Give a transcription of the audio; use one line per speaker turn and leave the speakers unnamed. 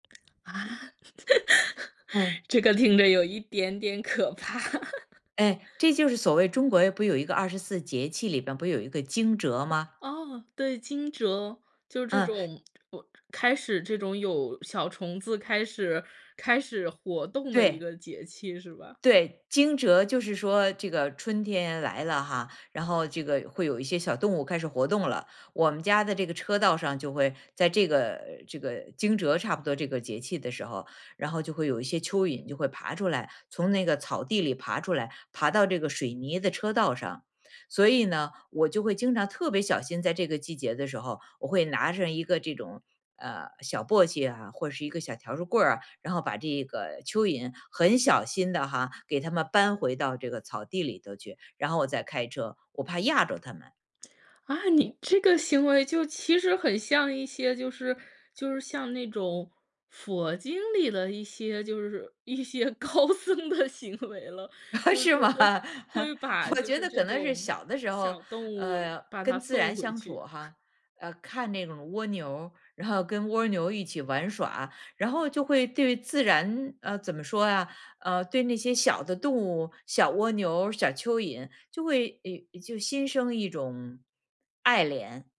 啊，
嗯。
这个听着有一点点可怕。
哎，这就是所谓中国不有一个24节气里面不有一个惊蛰吗？
哦，对，惊蛰。就这
嗯。
种呃，开始这种有小虫子，开始开始活动的一
对。
个节气是吧？
对，惊蛰就是说这个春天来了哈，然后这个会有一些小动物开始活动了。我们家的这个车道上就会在这个这个惊蛰差不多这个节气的时候，然后就会有一些蚯蚓就会爬出来，从那个草地里爬出来，爬到这个水泥的车道上。所以呢，我就会经常特别小心，在这个季节的时候。我会拿着一个这种，呃，小簸箕啊，或是一个小条竹棍儿啊，然后把这个蚯蚓很小心地哈，给它们搬回到这个草地里头去，然后我再开车，我怕轧着它们。
啊，你这个行为就其实很像一些就是就是像那种佛经里的一些就是一些高僧的行为了，就是
是吗？
会会把
我
就
觉
是
得
这
可能是
种，
小的时候，
小动物
呃，
把它
跟自
送
然
回
相处
去。
哈，呃，看那种蜗牛，然后跟蜗牛一起玩耍。然后就会对自然呃，怎么说啊呃，对那些小的动物，小蜗牛、小蚯蚓就会有就心生一种爱怜。